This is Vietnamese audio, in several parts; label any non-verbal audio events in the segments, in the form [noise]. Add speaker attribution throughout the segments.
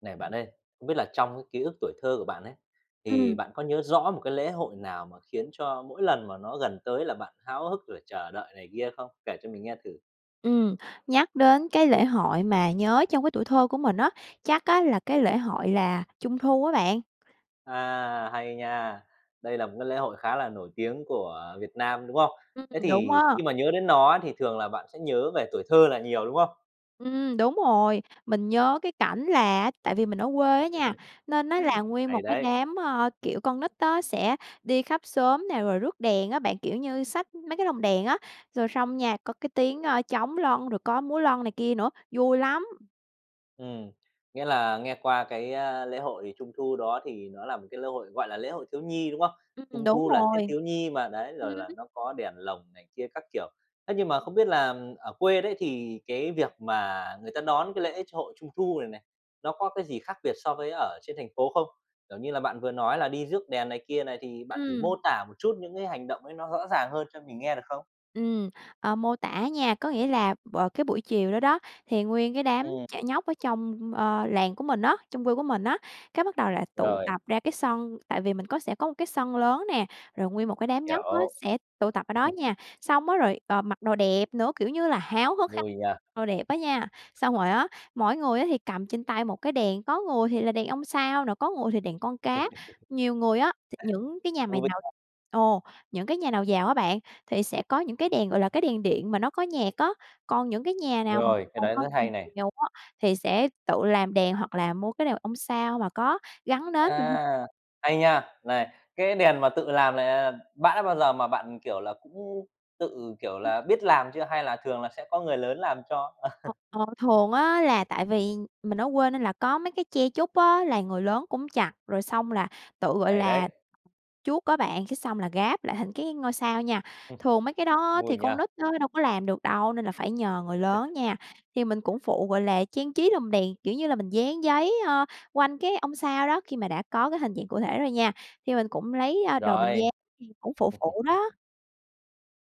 Speaker 1: Này bạn ơi, không biết là trong cái ký ức tuổi thơ của bạn ấy, thì
Speaker 2: Ừm.
Speaker 1: bạn có nhớ rõ một cái lễ hội nào mà khiến cho mỗi lần mà nó gần tới là bạn háo hức, rồi chờ đợi này kia không? Kể cho mình nghe thử.
Speaker 2: Ừm, nhắc đến cái lễ hội mà nhớ trong cái tuổi thơ của mình á, chắc á là cái lễ hội là Trung Thu á bạn.
Speaker 1: À, hay nha! Đây là một cái lễ hội khá là nổi tiếng của Việt Nam, đúng không?
Speaker 2: Ừm,
Speaker 1: Thế
Speaker 2: đúng
Speaker 1: thì,
Speaker 2: á.
Speaker 1: khi mà nhớ đến nó thì thường là bạn sẽ nhớ về tuổi thơ là nhiều, đúng không?
Speaker 2: Ừm, đúng rồi. Mình nhớ cái cảnh là á tại vì mình ở quê á nha,
Speaker 1: [laughs]
Speaker 2: nên nó là nguyên một
Speaker 1: Hay
Speaker 2: cái
Speaker 1: đấy!
Speaker 2: đám, ờ, kiểu, con nít á sẽ đi khắp xóm nè, rồi rước đèn á bạn, kiểu như, xách mấy cái lồng đèn á, rồi xong nha, có cái tiếng, ơ, trống lân, rồi có múa lân này kia nữa, vui lắm!
Speaker 1: Ừm, nghĩa là nghe qua cái, ơ, lễ hội Trung Thu đó thì nó là một cái lễ hội, gọi là, lễ hội thiếu nhi, đúng không?
Speaker 2: Ừm,
Speaker 1: Trung
Speaker 2: đúng
Speaker 1: Thu là Tết
Speaker 2: rồi.
Speaker 1: thiếu nhi mà, đấy,
Speaker 2: Ừm.
Speaker 1: rồi là nó có đèn lồng này kia các kiểu, thế nhưng mà, không biết là ở quê đấy, thì cái việc mà người ta đón cái lễ chội Trung Thu này này, nó có cái gì khác biệt so với ở trên thành phố không? Kiểu như là, bạn vừa nói là đi rước đèn này kia này, thì bạn thử
Speaker 2: Ừm.
Speaker 1: mô tả một chút những cái hành động ấy nó rõ ràng hơn cho mình nghe, được không?
Speaker 2: Ừm, ờ, mô tả nha. Có nghĩa là bờ cái buổi chiều đó đó, thì nguyên cái đám
Speaker 1: Ừm.
Speaker 2: trẻ nhóc ở trong, ờ, làng của mình á, trong quê của mình á, cái bắt đầu là tụ
Speaker 1: Rồi.
Speaker 2: tập ra cái sân tại vì mình có sẽ có một cái sân lớn nè, rồi nguyên một cái đám nhóc á
Speaker 1: Hiểu.
Speaker 2: sẽ tụ tập ở đó
Speaker 1: [scoffs]
Speaker 2: nha. X ong á rồi, ờ, mặc đồ đẹp nữa, kiểu như là, háo hức háo
Speaker 1: Vui nha!
Speaker 2: đồ đẹp á nha, xong rồi á, mỗi người á thì cầm trên tay một cái đèn, có người thì là đèn ông sao nè, có người thì đèn con cá.
Speaker 1: [laughs]
Speaker 2: Nhiều người á thì những cái nhà mày
Speaker 1: Vui
Speaker 2: nào
Speaker 1: h
Speaker 2: ồ! Những cái nhà nào giàu á bạn, thì sẽ có những cái đèn, gọi là, cái đèn điện mà nó có nhạc á, còn những cái nhà nào mà
Speaker 1: Rồi, cái đấy rất hay này!
Speaker 2: [unintelligible] thì sẽ tự làm đèn hoặc là mua cái đèn ông sao mà có gắn nến.
Speaker 1: À, hay nha! Này, cái đèn mà tự làm này, à, bã bao giờ mà bạn, kiểu là, cũng tự, kiểu
Speaker 2: Ừm.
Speaker 1: là, biết làm chưa hay là thường là sẽ có người lớn làm cho? [chuckles]
Speaker 2: Ờ, thường á là tại vì mình ở quê nên là có mấy cái tre trúc á, là người lớn cũng chặt, rồi xong là tự, gọi
Speaker 1: Hay
Speaker 2: là,
Speaker 1: đấy!
Speaker 2: chuốt á bạn, cái xong là ráp lại thành cái ngôi sao nha. Thường mấy cái
Speaker 1: [scoffs]
Speaker 2: đó
Speaker 1: Vui
Speaker 2: thì
Speaker 1: nhỉ!
Speaker 2: con nít nó đâu có làm được đâu, nên là phải nhờ người lớn
Speaker 1: [laughs]
Speaker 2: nha. Thì mình cũng phụ, gọi là, trang trí lồng đèn, kiểu như là, mình dán giấy, ờ, quanh cái ông sao đó, khi mà đã có cái hình dạng cụ thể rồi nha, thì mình cũng lấy, ơ, đồ mình
Speaker 1: Rồi.
Speaker 2: dán, thì cũng phụ
Speaker 1: [chuckles]
Speaker 2: phụ đó.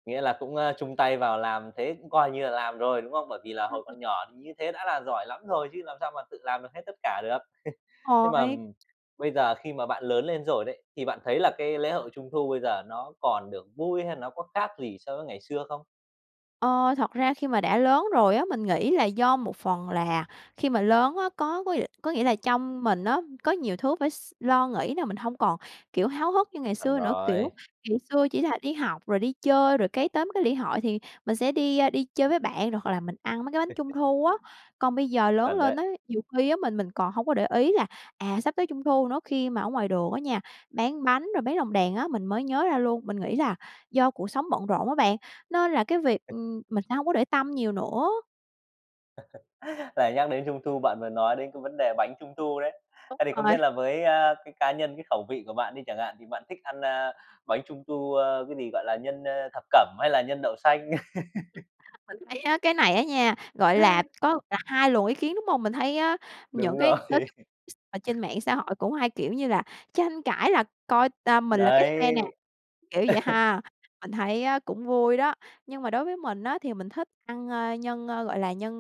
Speaker 1: Nghĩa là cũng, a, chung tay vào làm thế cũng coi như là làm rồi, đúng không? Bởi vì là
Speaker 2: Ưm,
Speaker 1: hồi
Speaker 2: ừm.
Speaker 1: còn nhỏ như thế đã là giỏi lắm rồi chứ làm sao mà tự làm được hết tất cả được. [laughs] Nhưng mà,
Speaker 2: [unintelligible]
Speaker 1: ừm, bây giờ khi mà bạn lớn lên rồi đấy, thì bạn thấy là cái lễ hội Trung thu bây giờ nó còn được vui hay là nó có khác gì so với ngày xưa không?
Speaker 2: Ờ, thật ra khi mà đã lớn rồi á, mình nghĩ là do một phần là khi mà lớn á, có có nghĩa là trong mình á, có nhiều thứ phải s lo nghĩ thế là mình hông còn kiểu háo hức như ngày
Speaker 1: Chuẩn
Speaker 2: xưa nữa. Kiểu
Speaker 1: rồi.
Speaker 2: ngày
Speaker 1: [laughs]
Speaker 2: xưa chỉ là đi học rồi đi chơi rồi cái tóm cái lễ hội thì mình sẽ đi đi chơi với bạn rồi hoặc là mình ăn mấy cái bánh Trung
Speaker 1: [laughs]
Speaker 2: thu á. Còn bây giờ lớn
Speaker 1: Chuẩn
Speaker 2: lên
Speaker 1: đấy.
Speaker 2: á, nhiều khi á, mình mình còn hông có để ý là, à, sắp tới Trung thu nữa, khi mà ở ngoài đường á nha, bán bánh rồi bán lồng đèn á, mình mới nhớ ra luôn. Mình nghĩ là do cuộc sống bận rộn á bạn, nên là cái việc,
Speaker 1: [laughs]
Speaker 2: ừm, mình sẽ hông có để tâm nhiều nữa.
Speaker 1: [laughs] Lại nhắc đến Trung thu bạn vừa nói đến cái vấn đề bánh Trung thu đấy.
Speaker 2: Đúng
Speaker 1: Ấy, thì không
Speaker 2: rồi.
Speaker 1: biết là với, a, cái cá nhân, cái khẩu vị của bạn đi chẳng hạn thì bạn thích ăn, à, bánh Trung thu, à, cái gì? Gọi là nhân, à, thập cẩm hay là nhân đậu xanh? [laughs]
Speaker 2: Ừm, mình thấy á cái này á nha, gọi là, có là hai luồng ý kiến, đúng hông? Mình thấy á,
Speaker 1: Đúng
Speaker 2: những cái
Speaker 1: rồi.
Speaker 2: nói chung x ở trên
Speaker 1: [laughs]
Speaker 2: mạng xã hội cũng hay kiểu như là tranh cãi là coi, ờ, mình là cái
Speaker 1: Đấy.
Speaker 2: phe nè, kiểu vậy
Speaker 1: [laughs]
Speaker 2: ha. Mình thấy á cũng vui đó, nhưng mà đối với mình á, thì mình thích ăn, a, nhân, a, ờ, gọi là nhân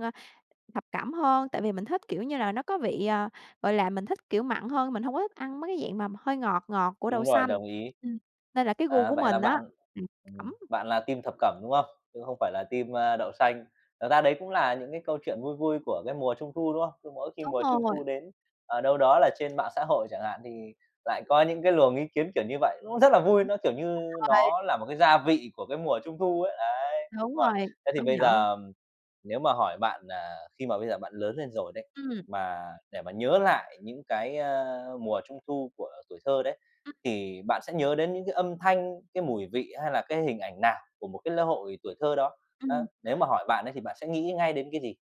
Speaker 2: thập cẩm hơn, tại vì mình thích kiểu như là nó có vị, ờ, gọi là, mình thích kiểu mặn hơn, mình hông có thích ăn mấy cái dạng mà hơi ngọt ngọt của đậu
Speaker 1: Đúng rồi,
Speaker 2: xanh.
Speaker 1: đồng ý.
Speaker 2: Ừm, nên là cái gu
Speaker 1: À,
Speaker 2: của
Speaker 1: vậy là
Speaker 2: mình á
Speaker 1: bạn
Speaker 2: [unintelligible]
Speaker 1: ừm,
Speaker 2: cẩm.
Speaker 1: bạn là team thập cẩm, đúng không? Chứ không phải là team, a, đậu xanh. Thực ra đấy cũng là những cái câu chuyện vui vui của cái mùa Trung thu, đúng không? Cứ mỗi khi
Speaker 2: Đúng
Speaker 1: mùa Trung
Speaker 2: rồi.
Speaker 1: thu đến, ờ, đâu đó là trên mạng xã hội chẳng hạn thì lại có những cái luồng ý kiến kiểu như vậy, cũng rất là vui, nó kiểu như
Speaker 2: [unintelligible]
Speaker 1: nó là một cái gia vị của cái mùa Trung thu ấy, đấy,
Speaker 2: Đúng
Speaker 1: đúng rồi.
Speaker 2: rồi,
Speaker 1: Thế thì
Speaker 2: công
Speaker 1: bây
Speaker 2: nhận.
Speaker 1: giờ nếu mà hỏi bạn, à, khi mà bây giờ bạn lớn lên rồi đấy,
Speaker 2: Ừm.
Speaker 1: mà để mà nhớ lại những cái, a, mùa Trung thu của tuổi thơ đấy,
Speaker 2: Ừm.
Speaker 1: thì bạn sẽ nhớ đến những cái âm thanh, cái mùi vị hay là cái hình ảnh nào của một cái lễ hội tuổi thơ đó? Ơ,
Speaker 2: Ừm.
Speaker 1: nếu mà hỏi bạn ấy, thì bạn sẽ nghĩ ngay đến cái gì?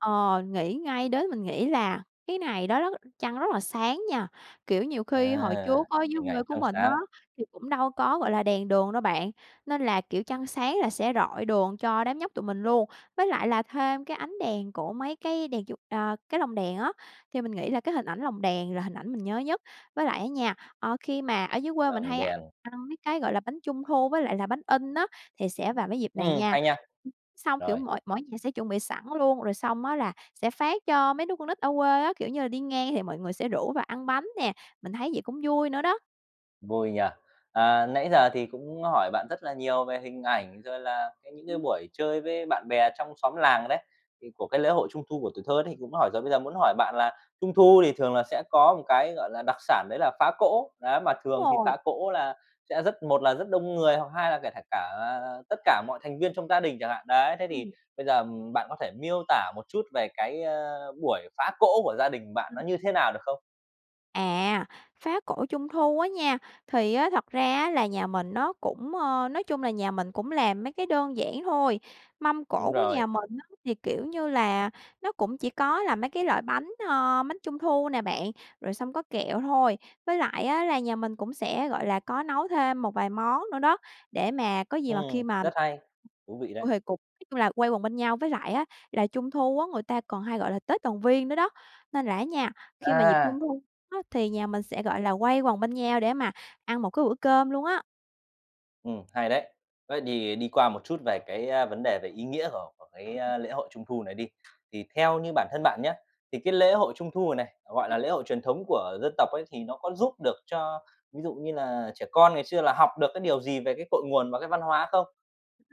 Speaker 2: Ờ, nghĩ ngay đến, mình nghĩ là cái ngày đó đó trăng rất là sáng nha, kiểu, nhiều khi hồi
Speaker 1: À,
Speaker 2: trước á dưới
Speaker 1: hình ảnh
Speaker 2: quê của
Speaker 1: trăng
Speaker 2: mình á,
Speaker 1: sáng.
Speaker 2: thì cũng đâu có, gọi là, đèn đường đâu bạn, nên là, kiểu, trăng sáng là sẽ rọi đường cho đám nhóc tụi mình luôn. Với lại là thêm cái ánh đèn của mấy cái đèn chuột ờ, cái lồng đèn á, thì mình nghĩ là cái hình ảnh lồng đèn là hình ảnh mình nhớ nhất. Với lại á nha, ờ, khi mà ở dưới quê mình
Speaker 1: Lồng
Speaker 2: hay
Speaker 1: đèn.
Speaker 2: ăn mấy cái, gọi là, bánh Trung thu với lại là bánh in á, thì sẽ vào mấy dịp này
Speaker 1: Ừm,
Speaker 2: nha,
Speaker 1: hay nha.
Speaker 2: xong, kiểu,
Speaker 1: Rồi.
Speaker 2: mỗi mỗi nhà sẽ chuẩn bị sẵn luôn, rồi xong á là sẽ phát cho mấy đứa con nít ở quê á, kiểu như là, đi ngang thì mọi người sẽ rủ vào ăn bánh nè, mình thấy vậy cũng vui nữa đó.
Speaker 1: Vui nhỉ? À, nãy giờ thì cũng hỏi bạn rất là nhiều về hình ảnh, rồi là những cái
Speaker 2: Ừm.
Speaker 1: buổi chơi với bạn bè trong xóm làng đấy, thì của cái lễ hội Trung thu của tuổi thơ đấy thì cũng hỏi rồi. Bây giờ muốn hỏi bạn là Trung thu thì thường là sẽ có một cái, gọi là, đặc sản đấy là phá cỗ. Đấy mà
Speaker 2: Đúng
Speaker 1: thường thì
Speaker 2: rồi.
Speaker 1: phá cỗ là sẽ rất một là rất đông người, hoặc hai là kể kể cả là là tất cả mọi thành viên trong gia đình chẳng hạn, đấy. Thế thì
Speaker 2: Ừm.
Speaker 1: bây giờ, ừm, bạn có thể miêu tả một chút về cái, ơ, buổi phá cỗ của gia đình bạn nó
Speaker 2: Ừm.
Speaker 1: như thế nào được không?
Speaker 2: À, phá cổ Trung thu á nha, thì á thật ra á là nhà mình nó cũng, ơ, nói chung là nhà mình cũng làm mấy cái đơn giản thôi, mâm cổ
Speaker 1: Đúng
Speaker 2: của
Speaker 1: rồi.
Speaker 2: nhà mình á thì, kiểu như là, nó cũng chỉ có là mấy cái loại bánh, ơ, bánh Trung thu nè bạn, rồi xong có kẹo thôi. Với lại á là nhà mình cũng sẽ, gọi là, có nấu thêm một vài món nữa đó, để mà có gì mà khi
Speaker 1: Ừm,
Speaker 2: mà
Speaker 1: rất hay, thú vị đấy.
Speaker 2: huề cục chung là quay quần bên nhau với lại á là Trung thu á, người ta còn hay gọi là Tết Đoàn viên nữa đó, nên là á nha, khi mà dịp Trung
Speaker 1: À!
Speaker 2: thu á thì nhà mình sẽ, gọi là, quây quần bên nhau để mà ăn một cái bữa cơm luôn á.
Speaker 1: Ừm, hay đấy. Với đì đi qua một chút về cái, a, vấn đề về ý nghĩa của của cái, a, lễ hội Trung thu này đi. Thì theo như bản thân bạn nhá, thì cái lễ hội Trung thu này này, gọi
Speaker 2: [unintelligible]
Speaker 1: là, lễ hội truyền thống của dân tộc ấy, thì nó có giúp được cho ví dụ như là trẻ con ngày xưa là học được cái điều gì về cái cội nguồn và cái văn hóa không?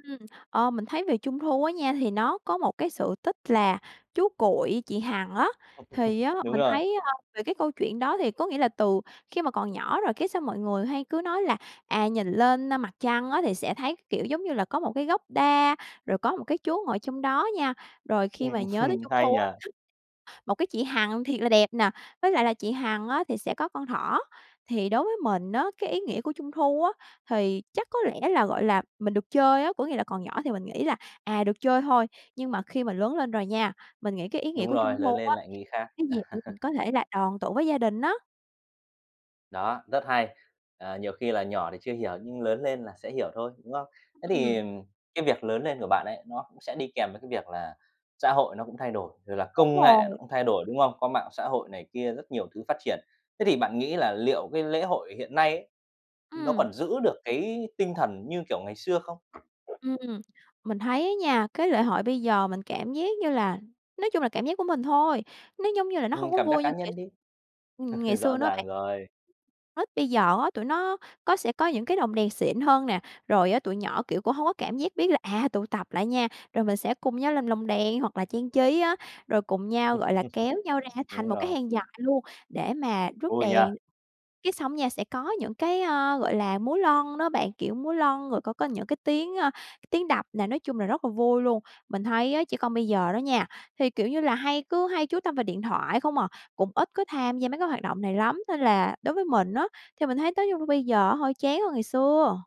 Speaker 2: Ừm, ơ, mình thấy về Trung thu á nha, thì nó có một cái sự tích là chú Cuội, chị Hằng á. Thì
Speaker 1: [laughs]
Speaker 2: á,
Speaker 1: Đúng
Speaker 2: mình
Speaker 1: rồi.
Speaker 2: thấy, ơ, về cái câu chuyện đó thì có nghĩa là từ khi mà còn nhỏ rồi cái sao mọi người hay cứ nói là, à, nhìn lên, a, mặt trăng á thì sẽ thấy, kiểu, giống như là, có một cái gốc đa, rồi có một cái chú ngồi trong đó nha. Rồi khi mà
Speaker 1: Ừm
Speaker 2: nhớ tới
Speaker 1: hừm.
Speaker 2: Trung
Speaker 1: Hay
Speaker 2: thu
Speaker 1: nhỉ!
Speaker 2: á, một cái chị Hằng thiệt là đẹp nè, với lại là chị Hằng á thì sẽ có con thỏ. Thì đối với mình á, cái ý nghĩa của Trung thu á thì chắc có lẽ là, gọi là, mình được chơi á, có nghĩa là còn nhỏ thì mình nghĩ là, à, được chơi thôi, nhưng mà khi mà lớn lên rồi nha, mình nghĩ cái ý nghĩa
Speaker 1: Đúng
Speaker 2: của Trung
Speaker 1: rồi, lớn
Speaker 2: thu
Speaker 1: lên
Speaker 2: á,
Speaker 1: lại nghĩ khác.
Speaker 2: cái dịp để mình
Speaker 1: [laughs]
Speaker 2: có thể là đoàn tụ với gia đình á.
Speaker 1: Đó, rất hay! À, nhiều khi là nhỏ thì chưa hiểu nhưng lớn lên là sẽ hiểu thôi, đúng không? Thế thì,
Speaker 2: Ừm.
Speaker 1: ừm, cái việc lớn lên của bạn ấy, nó cũng sẽ đi kèm với cái việc là xã hội nó cũng thay đổi, rồi là
Speaker 2: Đúng
Speaker 1: công nghệ nó
Speaker 2: rồi.
Speaker 1: cũng thay đổi, đúng không? Có mạng xã hội này kia rất nhiều thứ phát triển, thế thì bạn nghĩ là liệu cái lễ hội hiện nay ấy, nó
Speaker 2: Ừm.
Speaker 1: còn giữ được cái tinh thần như kiểu ngày xưa không?
Speaker 2: Ừm, mình thấy á nha, cái lễ hội bây giờ mình cảm giác như là nói chung là cảm giác của mình thôi, nó giống như là nó hông
Speaker 1: Ừm,
Speaker 2: có
Speaker 1: cảm giác
Speaker 2: vui như
Speaker 1: cá
Speaker 2: ngày
Speaker 1: nhân đi.
Speaker 2: ừm, ngày
Speaker 1: [laughs] Rõ
Speaker 2: xưa nữa bạn.
Speaker 1: ràng rồi.
Speaker 2: Nít bây giờ á, tụi nó có sẽ có những cái lồng đèn xịn hơn nè, rồi á, tụi nhỏ, kiểu, cũng hông có cảm giác biết là, à, tụ tập lại nha. Rồi mình sẽ cùng nhau làm lồng đèn hoặc là trang trí á, rồi cùng nhau,
Speaker 1: [laughs]
Speaker 2: gọi là, kéo nhau ra thành
Speaker 1: Đúng
Speaker 2: một cái
Speaker 1: rồi.
Speaker 2: hàng dài luôn để mà rước
Speaker 1: Vui nhỉ!
Speaker 2: đèn. Cái xong nha, sẽ có những cái, ờ, gọi là, múa lon đó bạn, kiểu múa lon, rồi có có những cái tiếng, a, t tiếng đập nè, nói chung là rất là vui luôn. Mình thấy á, trẻ con bây giờ đó nha, thì kiểu như là hay cứ hay chú tâm vào điện thoại không à, cũng ít có tham gia mấy cái hoạt động này lắm. Nên là đối với mình á, thì mình thấy nói chung bây giờ á, hơi chán hơn ngày xưa.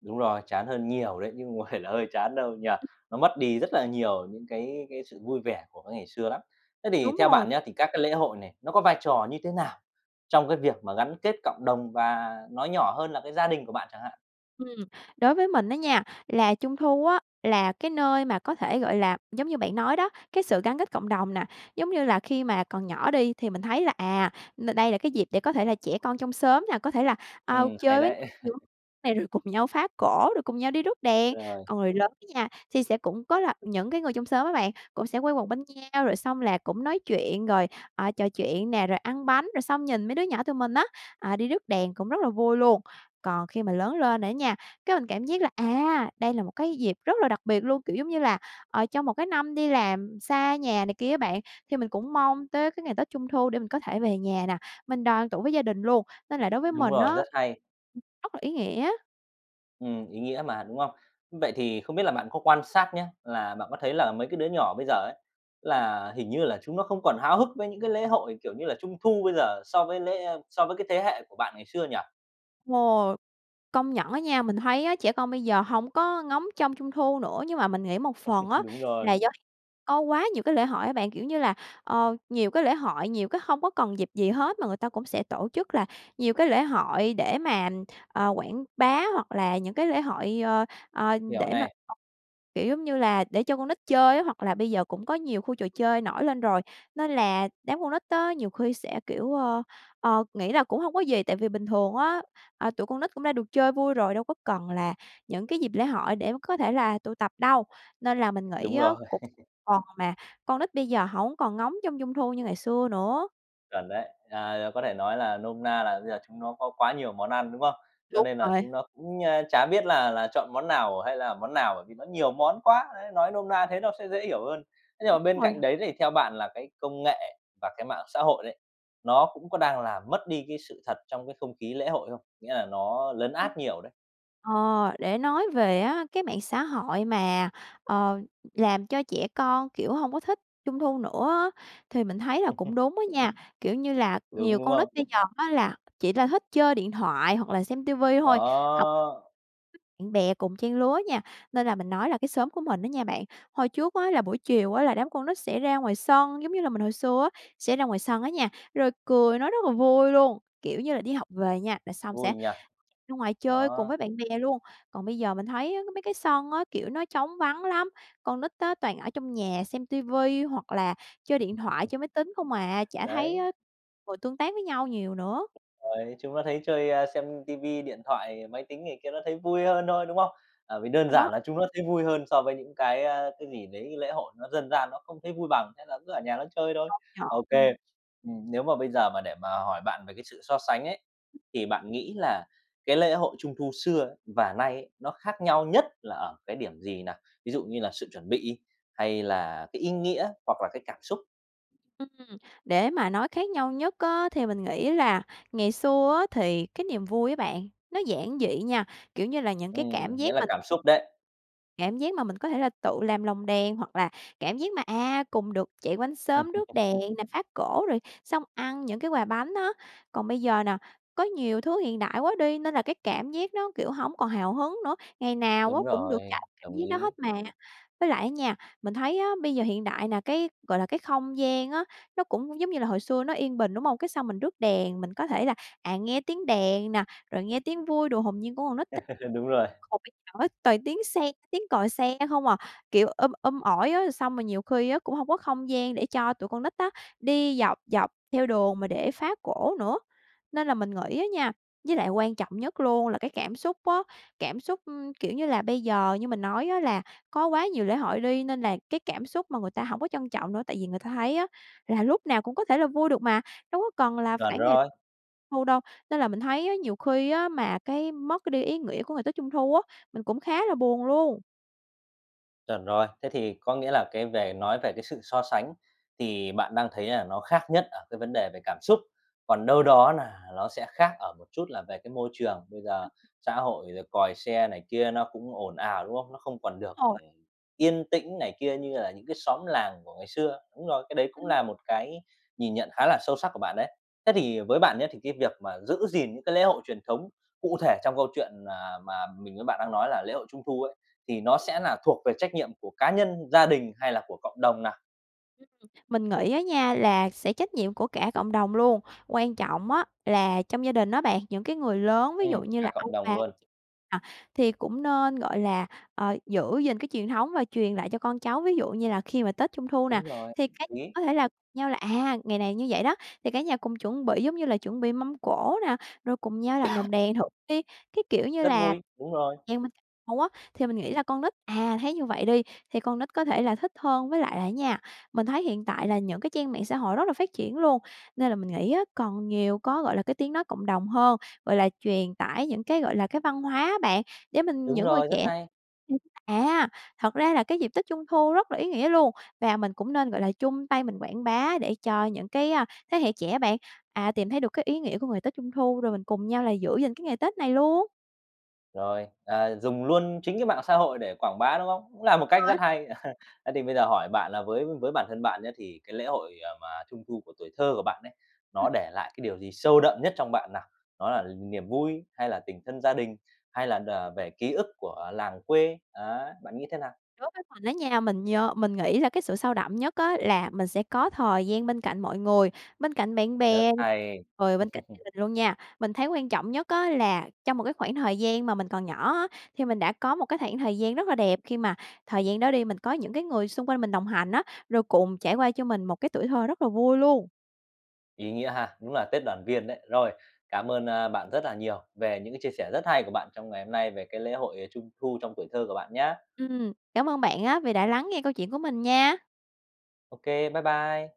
Speaker 1: Đúng rồi, chán hơn nhiều đấy chứ không phải là hơi chán đâu, nhỉ.
Speaker 2: Ừm.
Speaker 1: Nó mất đi rất là nhiều những cái cái sự vui vẻ của cái ngày xưa lắm. Thế thì
Speaker 2: Đúng
Speaker 1: theo
Speaker 2: rồi.
Speaker 1: bạn nhá, thì các cái lễ hội này, nó có vai trò như thế nào trong cái việc mà gắn kết cộng đồng và nói nhỏ hơn là cái gia đình của bạn chẳng hạn?
Speaker 2: Ừm. Đối với mình á nha, là Trung thu á, là cái nơi mà có thể, gọi là, giống như bạn nói đó, cái sự gắn kết cộng đồng nè, giống như là khi mà còn nhỏ đi thì mình thấy là, n đây là cái dịp để có thể là trẻ con trong xóm nè, có thể là, a,
Speaker 1: Ừm, hay
Speaker 2: chơi với
Speaker 1: đấy!
Speaker 2: nhau
Speaker 1: [laughs]
Speaker 2: [unintelligible] này rồi cùng nhau phá cỗ, rồi cùng nhau đi rước đèn.
Speaker 1: Rồi.
Speaker 2: Còn người lớn nha, thì sẽ cũng có là những cái người trong xóm á bạn, cũng sẽ quây quần bên nhau, rồi xong là cũng nói chuyện rồi, à, trò chuyện nè, rồi ăn bánh rồi xong nhìn mấy đứa nhỏ tụi mình á, à, đi rước đèn cũng rất là vui luôn. Còn khi mà lớn lên rồi á nha, cái mình cảm giác là, à, đây là một cái dịp rất là đặc biệt luôn, kiểu giống như là, ờ, trong một cái năm đi làm xa nhà này kia á bạn, thì mình cũng mong tới cái ngày Tết Trung thu để mình có thể về nhà nè, mình đoàn tụ với gia đình luôn. Nên là đối với
Speaker 1: Đúng
Speaker 2: mình á
Speaker 1: rồi, rất hay!
Speaker 2: ừm, rất là ý nghĩa.
Speaker 1: Ừm, ý nghĩa mà, đúng không? Vậy thì không biết là bạn có quan sát nhá, là bạn có thấy là mấy cái đứa nhỏ bây giờ ấy,
Speaker 2: Ừm.
Speaker 1: là hình như là chúng nó không còn háo hức với những cái lễ hội kiểu như là Trung thu bây giờ so với lễ so với cái thế hệ của bạn ngày xưa nhỉ?
Speaker 2: Ồ, công nhận á nha, mình thấy á, trẻ con bây giờ hổng có ngóng trông Trung thu nữa. Nhưng mà mình nghĩ một phần
Speaker 1: [laughs]
Speaker 2: á,
Speaker 1: Đúng
Speaker 2: là
Speaker 1: rồi.
Speaker 2: do có quá nhiều cái lễ hội á bạn. Kiểu như là, ờ, nhiều cái lễ hội, nhiều cái hông có cần dịp gì hết mà người ta cũng sẽ tổ chức là nhiều cái lễ hội để mà, ờ, quảng bá hoặc là những cái lễ hội, ờ, ờ,
Speaker 1: Hiểu
Speaker 2: để mà
Speaker 1: này.
Speaker 2: kiểu giống như là để cho con nít chơi á, hoặc là bây giờ cũng có nhiều khu trò chơi nổi lên rồi. Nên là đám con nít á, nhiều khi sẽ kiểu, ơ, ờ, nghĩ là cũng hông có gì, tại vì bình thường á, à, tụi con nít cũng đã được chơi vui rồi, đâu có cần là những cái dịp lễ hội để có thể là tụ tập đâu. Nên là mình nghĩ
Speaker 1: Đúng
Speaker 2: á,
Speaker 1: rồi.
Speaker 2: cũng một
Speaker 1: [laughs]
Speaker 2: phần mà con nít bây giờ hổng còn ngóng trông Trung thu như ngày xưa nữa.
Speaker 1: Chuẩn đấy. À, có thể nói là nôm na là bây giờ chúng nó có quá nhiều món ăn, đúng không? Cho
Speaker 2: Đúng
Speaker 1: nên là
Speaker 2: rồi.
Speaker 1: chúng nó cũng, a, chả biết là là chọn món nào hay là món nào bởi vì nó nhiều món quá, ấy, nói nôm na thế nó sẽ dễ hiểu hơn. Thế nhưng mà
Speaker 2: Đúng
Speaker 1: bên
Speaker 2: rồi.
Speaker 1: cạnh đấy thì theo bạn là cái công nghệ và cái mạng xã hội đấy, nó cũng có đang làm mất đi cái sự thật trong cái không khí lễ hội không? Nghĩa là nó lấn
Speaker 2: Ừm.
Speaker 1: át nhiều đấy.
Speaker 2: Ờ, để nói về á cái mạng xã hội mà, ờ, làm cho trẻ con, kiểu, hông có thích Trung thu nữa á, thì mình thấy là cũng
Speaker 1: [laughs]
Speaker 2: đúng á nha. Kiểu như là
Speaker 1: Đúng,
Speaker 2: nhiều
Speaker 1: đúng
Speaker 2: con nít
Speaker 1: không?
Speaker 2: bây giờ á là chỉ ra thích chơi điện thoại hoặc là xem TV thôi, học
Speaker 1: Đó.
Speaker 2: bạn bè cùng trang lứa nha. Nên là mình nói là cái xóm của mình á nha bạn, hồi trước á, là buổi chiều á, là đám con nít sẽ ra ngoài sân, giống như là mình hồi xưa á, sẽ ra ngoài sân á nha, rồi cười nói rất là vui luôn, kiểu như là, đi học về nha là xong sẽ
Speaker 1: Vui nhở.
Speaker 2: chạy ra ngoài chơi cùng
Speaker 1: Đó.
Speaker 2: với bạn bè luôn. Còn bây giờ mình thấy á mấy cái sân á, kiểu nó trống vắng lắm. Con nít á, toàn ở trong nhà xem TV hoặc là chơi điện thoại,
Speaker 1: [laughs]
Speaker 2: chơi máy tính không à, chả thấy
Speaker 1: Đấy.
Speaker 2: á ngồi tương tác với nhau nhiều nữa.
Speaker 1: Rồi, chúng nó thấy chơi, a, xem TV, điện thoại, máy tính này kia nó thấy vui hơn thôi, đúng không? Ờ, vì đơn
Speaker 2: Rồi đó.
Speaker 1: giản là chúng nó thấy vui hơn so với những cái, à, cái gì đấy lễ hội nó dân gian nó không thấy vui bằng, thế là cứ ở nhà nó chơi thôi.
Speaker 2: Công nhận,
Speaker 1: OK,
Speaker 2: ừm.
Speaker 1: ừm, nếu mà bây giờ mà để mà hỏi bạn về cái sự so sánh ấy, thì bạn nghĩ là cái lễ hội Trung thu xưa và nay ấy, nó khác nhau nhất là ở cái điểm gì nào, ví dụ như là sự chuẩn bị hay là cái ý nghĩa hoặc là cái cảm xúc?
Speaker 2: Ừm. Để mà nói khác nhau nhất á, thì mình nghĩ là ngày xưa á thì cái niềm vui á bạn, nó giản dị nha. Kiểu như là, những cái
Speaker 1: Ừm,
Speaker 2: cảm
Speaker 1: nghĩa
Speaker 2: giác
Speaker 1: là
Speaker 2: mà
Speaker 1: cảm xúc đấy.
Speaker 2: cảm giác mà mình có thể là tự làm lồng đèn hoặc là cảm giác mà, à, cùng được chạy quanh xóm rước
Speaker 1: [laughs]
Speaker 2: đèn nè, phá cổ, rồi xong ăn những cái quà bánh á. Còn bây giờ nè, có nhiều thứ hiện đại quá đi, nên là cái cảm giác nó, kiểu, hổng còn hào hứng nữa. Ngày nào á
Speaker 1: Đúng
Speaker 2: cũng được
Speaker 1: rồi,
Speaker 2: trải qua cảm
Speaker 1: đồng
Speaker 2: giác đó hết
Speaker 1: ý.
Speaker 2: mà. Với lại á nha, mình thấy á bây giờ hiện đại nè, cái, gọi là, cái không gian á nó cũng giống như là hồi xưa nó yên bình, đúng hông? Cái xong mình rước đèn, mình có thể là, à, nghe tiếng đèn nè, rồi nghe tiếng vui đùa hồn nhiên của con nít t [unintelligible]
Speaker 1: [laughs] Đúng rồi.
Speaker 2: còn bây giờ á toàn tiếng xe, tiếng còi xe không à, kiểu, um um ỏi á, xong rồi nhiều khi á, cũng hông có không gian để cho tụi con nít á, đi dọc dọc theo đường mà để phá cổ nữa. Nên là mình nghĩ á nha với lại quan trọng nhất luôn là cái cảm xúc á, cảm xúc, ừm, kiểu như là, bây giờ như mình nói á là có quá nhiều lễ hội đi, nên là cái cảm xúc mà người ta hổng có trân trọng nữa. Tại vì người ta thấy á là lúc nào cũng có thể là vui được mà, đâu có cần là
Speaker 1: Chuẩn
Speaker 2: phải ngày
Speaker 1: rồi.
Speaker 2: Thu đâu. Nên là mình thấy á, nhiều khi á mà cái mất đi ý nghĩa của ngày Tết Trung Thu á, mình cũng khá là buồn luôn.
Speaker 1: Chuẩn rồi. Thế thì có nghĩa là cái về nói về cái sự so sánh thì bạn đang thấy là nó khác nhất ở cái vấn đề về cảm xúc. Còn đâu đó là ló sẽ khác ở một chút là về cái môi trường. Bây giờ
Speaker 2: Ừm.
Speaker 1: xã hội rồi còi xe này kia nó cũng ồn ào, đúng không? Nó không còn được
Speaker 2: Rồi.
Speaker 1: yên tĩnh này kia như là những cái xóm làng của ngày xưa. Đúng rồi, cái đấy cũng
Speaker 2: Ừm.
Speaker 1: là một cái nhìn nhận khá là sâu sắc của bạn đấy. Thế thì với bạn nhớ, thì cái việc mà giữ gìn những cái lễ hội truyền thống cụ thể trong câu chuyện, à, mà mình với bạn đang nói là lễ hội Trung thu ấy, thì nó sẽ là thuộc về trách nhiệm của cá nhân, gia đình hay là của cộng đồng nào?
Speaker 2: Mình nghĩ á nha, là sẽ trách nhiệm của cả cộng đồng luôn. Quan trọng á là trong gia đình á bạn, những cái người lớn ví dụ
Speaker 1: Ừm,
Speaker 2: như
Speaker 1: cả
Speaker 2: là ông
Speaker 1: cộng đồng
Speaker 2: bà
Speaker 1: luôn.
Speaker 2: nà, thì cũng nên, gọi là, ờ, giữ gìn cái truyền thống và truyền lại cho con cháu. Ví dụ như là khi mà tết Trung thu nè,
Speaker 1: Đúng rồi
Speaker 2: thì cái
Speaker 1: ý.
Speaker 2: có thể là cùng nhau là, à, ngày này như vậy đó, thì cả nhà cùng chuẩn bị, giống như là, chuẩn bị mâm cỗ nè, rồi cùng nhau làm
Speaker 1: [coughs]
Speaker 2: lồng đèn thử đi. Cái kiểu như
Speaker 1: Rất
Speaker 2: là
Speaker 1: vui! Đúng rồi.
Speaker 2: nhà mình cùng nhau á, thì mình nghĩ là con nít à, thấy như vậy đi, thì con nít có thể là thích hơn. Với lại là á nha, mình thấy hiện tại là những cái trang mạng xã hội rất là phát triển luôn, nên là mình nghĩ á còn nhiều có, gọi là, cái tiếng nói cộng đồng hơn, gọi là, truyền tải những cái, gọi là, cái văn hóa á bạn. Để mình-
Speaker 1: Đúng
Speaker 2: những người
Speaker 1: rồi. Rất
Speaker 2: trẻ
Speaker 1: hay!
Speaker 2: [unintelligible] à, thật ra là cái dịp tết Trung thu rất là ý nghĩa luôn. Và mình cũng nên, gọi là, chung tay mình quảng bá để cho những cái, a, thế hệ trẻ á bạn, à, tìm thấy được cái ý nghĩa của ngày tết Trung thu, rồi mình cùng nhau là giữ gìn cái ngày Tết này luôn.
Speaker 1: Rồi, ờ, dùng luôn chính cái mạng xã hội để quảng bá, đúng không? Cũng là một cách rất
Speaker 2: Rồi.
Speaker 1: hay. [chuckles] Thế thì bây giờ hỏi bạn là với với bản thân bạn nhé, thì cái lễ hội, à, mà Trung thu của tuổi thơ của bạn ấy,
Speaker 2: Ừm.
Speaker 1: nó để lại cái điều gì sâu đậm nhất trong bạn nào? Đó là niềm vui hay là tình thân gia đình, hay là đ về ký ức của làng quê, đó, bạn nghĩ thế nào?
Speaker 2: Đối với mình đó nha, mình nhớ mình nghĩ là cái sự sâu đậm nhất á là mình sẽ có thời gian bên cạnh mọi người, bên cạnh bạn
Speaker 1: Rất
Speaker 2: bè,
Speaker 1: hay!
Speaker 2: rồi bên cạnh gia
Speaker 1: [chuckles]
Speaker 2: đình luôn nha. Mình thấy quan trọng nhất á là trong một cái khoảng thời gian mà mình còn nhỏ á, thì mình đã có một cái khoảng thời gian rất là đẹp. Khi mà thời gian đó đi, mình có những cái người xung quanh mình đồng hành á, rồi cùng trải qua cho mình một cái tuổi thơ rất là vui luôn.
Speaker 1: Ý nghĩa ha! Đúng là Tết đoàn viên đấy. Rồi, cám ơn, a, bạn rất là nhiều về những cái chia sẻ rất hay của bạn trong ngày hôm nay về cái lễ hội Trung thu trong tuổi thơ của bạn nhá.
Speaker 2: Ừm, cảm ơn bạn á vì đã lắng nghe câu chuyện của mình nha.
Speaker 1: Ô kê, bye bye!